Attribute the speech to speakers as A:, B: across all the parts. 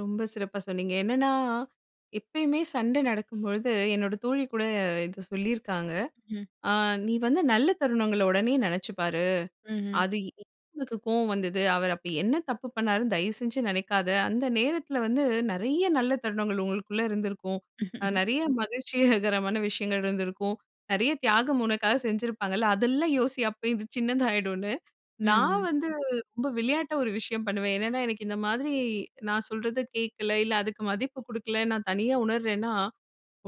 A: ரொம்ப சிறப்பா சொன்னீங்க. என்னன்னா, எப்பயுமே சண்டை நடக்கும்பொழுது, என்னோட தோழி கூட இதை சொல்லியிருக்காங்க.
B: ம்.
A: ஆ, "நீ வந்து நல்ல தருணங்கள உடனே நினைச்சு பாரு.
B: ம்ஹ்ம்.
A: அது [unintelligible] கோவம் வந்தது. அவரு அப்போ என்ன தப்பு பண்ணாருன்னு தயவுசெஞ்சு நினைக்காத. அந்த நேரத்தில வந்து, நெறைய நல்ல தருணங்கள் உங்களுக்குள்ள இருந்திருக்கும். அ நெறைய மகிழ்ச்சியகரமான விஷயங்கள் இருந்திருக்கும். நெறைய தியாகம் உனக்காக செஞ்சிருப்பாங்கல்ல. அதெல்லாம் யோசி." அப்ப இது சின்னதாயிடுன்னு. நான்
B: ம்ஹ்ம்.
A: வந்து, ரொம்ப விளையாட்டா ஒரு விஷயம் பண்ணுவேன். என்னென்னா, எனக்கு இந்த மாதிரி, நான் சொல்றத கேட்கல. இல்ல, அதுக்கு மதிப்பு குடுக்கல. நான் தனியா உணர்றேன்னா,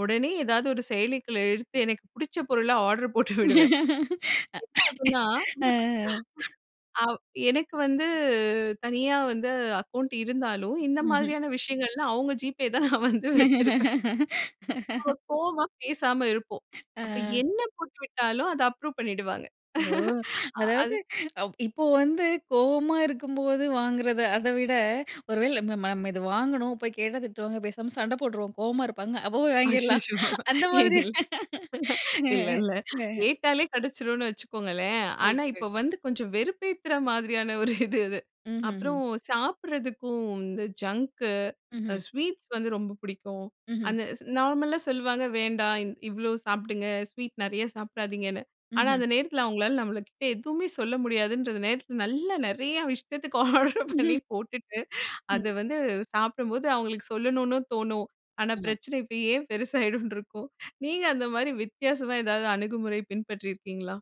A: உடனே ஏதாவது ஒரு செயலிக்குள்ள எடுத்து, எனக்கு புடிச்ச பொருள ஆர்டர் போட்டு விடுவேன்.
B: அ,
A: அப்ப என்ன ஆகும்னா,
B: அ.
A: ஆ வ் எனக்கு வந்து தனியா வந்து அக்கவுண்ட் இருந்தாலும், இந்த
B: ம்ஹ்ம்.
A: மாதிரியான விஷயங்கள்லாம், அவுங்க GPay தான் நான் வந்து வச்சிருப்பேன். அப்பொ, கோவமா பேசாம இருப்போம்.
B: ஆ.
A: அப்ப என்ன போட்டு விட்டாலும் அதை அப்ரூவ் பண்ணிடுவாங்க.
B: ஓ!
A: ஆ
B: அதாவது
A: அது
B: அ இப்போ வந்து கோவமா இருக்கும்போத வாங்குறது. அதை விட, ஒருவேளை நம்ம நம்ம நம்ம இதை வாங்கணும். போய் கேட்டா திட்டுவாங்க. பேசாம சண்டை போட்டுருவோம். கோவமா இருப்பாங்க. அப்போ போய் வாங்கிரலாம்.
A: அய்யயோ!
B: அந்த மாதிரி.
A: இல்ல. இல்ல இல்ல
B: ஆ, ஆ.
A: கேட்டாலே கெடைச்சுரும்னு வச்சுக்கோங்களேன்.
B: ஒகே
A: ஆனா, இப்போ
B: ஒகே.
A: வந்து கொஞ்சம் வெறுப்பேத்துற மாதிரியான ஒரு இது அது.
B: ம்ஹ்ம்ஹ்ம்.
A: அப்புறம் சாப்பிடறதுக்கும் வந்து ஜங்க், அ
B: ம்ஹ்ம்.
A: ஸ்வீட்ஸ் வந்து ரொம்ப பிடிக்கும்.
B: ம்ஹ்ம்.
A: அந்த நார்மலா சொல்லுவாங்க. "வேண்டாம். இவ்வளோ சாப்பிடுங்க." ஸ்வீட் நெறைய சாப்பிடாதீங்கன்னு. ஆனா,
B: ம்ஹ்ம்.
A: அந்த நேரத்தில, அவங்களால நம்மளுகிட்ட எதுவுமே சொல்ல முடியாதுன்றத நேரத்தில, நல்ல நெறையா இஷ்டத்துக்கு ஆர்டரு பண்ணி போட்டுட்டு, அதை
B: ம்.
A: வந்து சாப்பிடும்போது, அவங்களுக்கு சொல்லணும்னு தோணும். ஆனா,
B: ஆமா.
A: பிரச்சன இப்ப ஏன்? பெருசாகிடும்னு இருக்கும். நீங்க அந்த மாதிரி வித்தியாசமா ஏதாவது அணுகுமுறை பின்பற்றியிருக்கீங்களா?